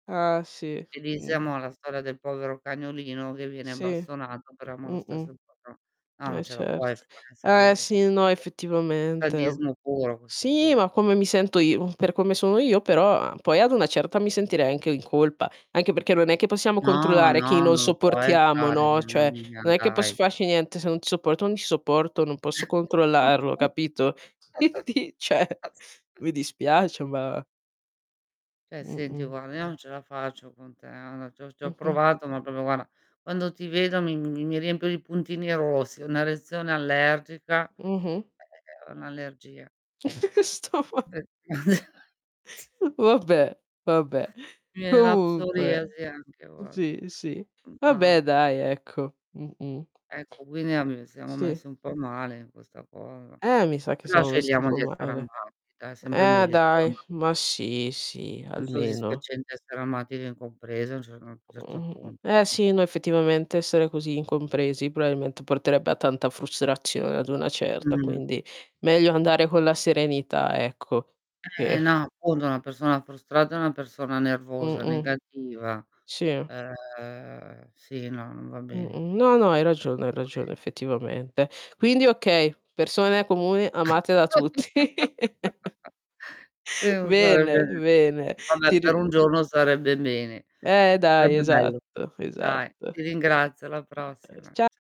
Eh sì, mh-mh. [unintelligible] la storia del povero cagnolino che viene Sì, bastonato però ama lo mh-mh. stesso il padro no Eh non ce la puoi certo. fare Eh sì, no [unintelligible] effettivamente e sadismo puro a questo sì, punto. ma come mi sento io, per come sono io però, a poi ad una certa mi sentirei anche in colpa. Anche perché non è che possiamo No, controllare chi no, non non lo puoi sopportiamo, fare, no? mamma Cioè mia, non è che posso dai. farci niente, se non ti sopporto non ti sopporto, non posso controllarlo capito? Quindi, cioè [unintelligible] mi dispiace ma Cioè senti Mh-mh. guarda io non ce la faccio con te, a na ci ho ci ho Mh-mh. provato, ma però guarda quando ti vedo mi mi riempio di puntini rossi, una reazione allergica è Mh-mh. è è un' allergia. Sto ma [unintelligible] Vabbè vabbè, Mi viene la comunque, psoriasi anche, s guarda. sì, sì, Mhmm, vabbè no. dai, ecco. Mh-mh. Ecco qui ne ab siamo Sì. messi un po' male in questa cosa. Eh mi sa che Però siamo messi un scegliamo po' di essere male. amati, dai è sempre Eh meglio dai, insomma. ma sì, sì, Più almeno. soddifacente essere amati che incompresi, a un cer uhm, un certo Mh, mh. punto, Eh no? sì, no effettivamente essere così incompresi, probabilmente porterebbe a tanta frustrazione ad una certa, Mh-mh. quindi meglio andare con la serenità ecco, Eh, che e no, appunto una persona frustrata è una persona nervosa, Mh-mh. negativa. Sì. Ehm Sì, no, non va bene. Mh-mh, no, no, hai ragione, hai [unintelligible] ragione effettivamente. Quindi okay, persone comuni amate da tutti. E non Bene, sarebbe bene, [unintelligible] vabbè ti per un ri giorno, sarebbe bene. Eh dai, Sarebbe bello. esatto, Dai esatto. Ehm, ti ringrazio alla ehm, prossima. Cia cia